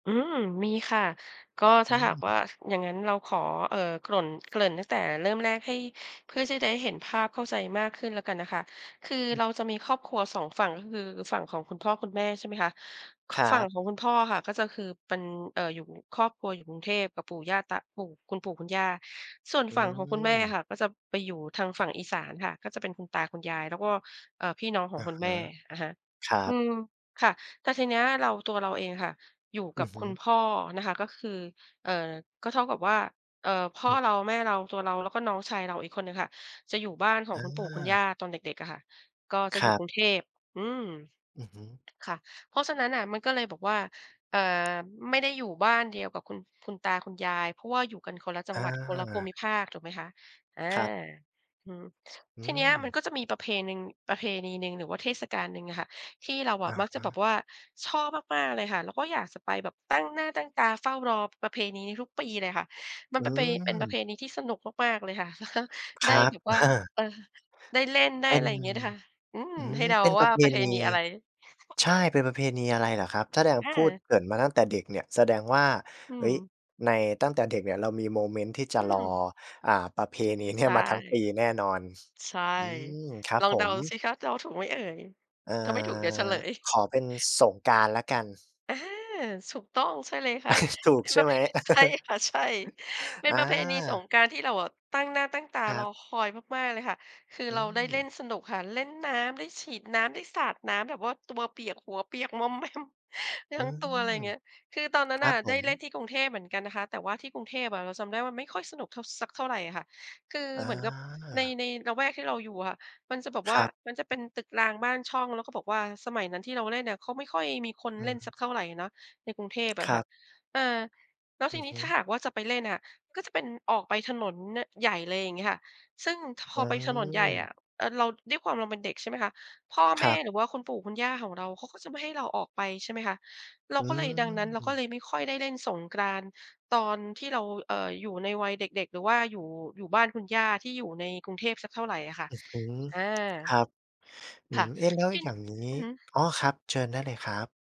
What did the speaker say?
อืม มีค่ะ ก็อถ้าหากวืม ่า อย่างงั้นเราขอ เอ่อ กร่น เกริ่นตั้งแต่เริ่มแรกให้ เพื่อที่จะได้เห็นภาพเข้าใจมากขึ้นแล้วกันนะคะ คืออเืม ราจะมีครอบครัว 2 ฝั่งก็คือ ฝั่งของคุณพ่อคุณแม่ใช่ไหมคะ ค ครัฝั่งบ ของคุณพ่ออะค่ะ ก็จะ คือเป็น เอ่อ อยู่ ครอบครัวอยู่กรุงเทพกับปู่ย่าตา ปู่ คุณปู่คุณย่า ส่วนอืฝั่งของคุณแม่อม ะค่ะ ก็จะไปอยู่ทางฝั่งอีสานค่ะ ก็จะเป็นคุณตาคุณยาย แล้วก็ เอ่อ พี่น้องขอองะคุณฮแมะ ่ อะฮะ ครัอืบ ม ค่ะ แต่ทีเนี้ยเรา ตัวเราเองอะค่ะ อยู่อืกัอบฮคุึ ณพ่อนะคะ ก็คือ เอ่อ ก็เท่ากับว่า เอ่อ พอ่อืม เรา แม่เรา ตัวเรา แล้วก็น้องชายเราอีกคนหนึ่งค่ะ จะอยู่บ้านของอคุณปู่คุณย่า า ตอนเด็ก ๆ อะค่ะ ก็จะคอยรู่ักบ รุงเทพ อืม อือฮึ ค่ะ เพราะฉะนั้นน่ะมันก็เลยแบบว่า เอ่อ ไม่ได้อยู่บ้านเดียวกับคุณ คุณตาคุณยาย เพราะว่าอยู่กันคนละจัองหวัด คนละภูา มิภาค ถูกไหมคะ อา ครับ อืม อืทีเนี้ยมันม ก็จะมีประเพหนึ่ง ประเพณีหนึ่งหรือว่าเทศกาลหนึ่งอะค่ะ ที่เราออะะมักจฮะแบะ บว่า ชอบมาก ๆ เลยค่ะ แล้วก็อยากจะไป แบบตั้งหน้าตั้งตาเฝ้ารอประเพณีนี้ทุกปีเลยค่ะ มัอนืปะเป เป็นประเม พณีที่สนุกมาก ๆ เลยค่ะ คได้รับ แบบวอ่า า เออ ได้เล่น ได้เป็อะน ไรอย่างเงี้ยค่ะ อืม อืให้ม เดาเป็นปวร่าะเพประเพณี ณีอะไร ใช่ เป็นประเพณีอะไรเหรอครับ แสดง อพูดา เกริ่นมาตั้งแต่เด็กเนี่ย แสดงว่า อืเฮ้ม ย ใน ตั้งแต่เด็กเนี่ย เรามีโมเมนต์ที่จอะืรอ ม อ่า ประเพณีเนีใ่ชย่ มาทั้งปีแน่นอน ใช่ อืม ครับลองผเดาสม ิคะ เดาถูกไหมเอ่ย อถ้าไม่ถูกเดี๋ยวเฉา ลย ขอเป็นสงกรานต์แล้วกัน อา ถูกต้อง ใช่เลยค่ะ ถูกเป็นใชป่ระไเภ หม? ใช่ค่ะ ใช่ เป็อนประเพณีสา งกรานต์ ที่เราอะตั้งหน้าตั้งตาครรัอบ คอยมาก ๆ เลยค่ะ คืออืเราได้เล่ม นสนุกค่ะ เล่นน้ำ ได้ฉีดน้ำ ได้สาดน้ำ แบบว่าตัวเปียก หัวเปียก มอม แมม อืทั้งตัว อะไรม เงี้ย คือตอนนั้คนรนั่ะบผได้ม เล่นที่กรุงเทพเหมือนกันนะคะ แต่ว่าที่กรุงเทพอะเราจำได้ว่ามันไม่ค่อยสนุกเท่า สักเท่าไรอะค่ะ คืออเหมือนกับใน า ในละแวกที่เราอยู่อะมันจะแบบคว่า รับ มันจะเป็นตึกรางบ้านช่อง แล้วก็บอกว่าสมัยนั้นที่เราเล่นอะเขาไม่ค่อยมีคนอเล่นสืม ักเท่าไรเนาะในกรุงเทพอคะรคั่ะ บ อ่า แล้วอทืีอนีฮ้ึ ถ้าหากว่าจะไปเล่นอะ ก็เป็น ออกไปถนน น ใหญ่เลย อย่างเงี้ยค่ะ ซึ่ง ค พออืไปถนนใหญ่อม ะ เอ่อ เรา ด้วยความเราเป็นเด็กใช่ไหมคะ พ่อคแมร่ับ หรือว่าคุณปู่คุณย่าของเราเขาก็จะไม่ให้เราออกไป ใช่ไหมคะ เราอืก็เลย ดังนั้นเราก็เลม ยไม่ค่อยได้เล่นสงกรานต์ตอนที่เรา เอ่อ อยู่ในวัยเด็ก ๆ หรือว่าอยู่ อยู่บ้านคุณย่าที่อยู่ในกรุงเทพสักเท่าไรอะค่ะ อือฮึ อา ครับ อืค่ะ ม เอ๊ะ แล้วทีอนยี่้ างนอืี้ อฮึ อ๋อ ครับ เชิญได้เลยครับ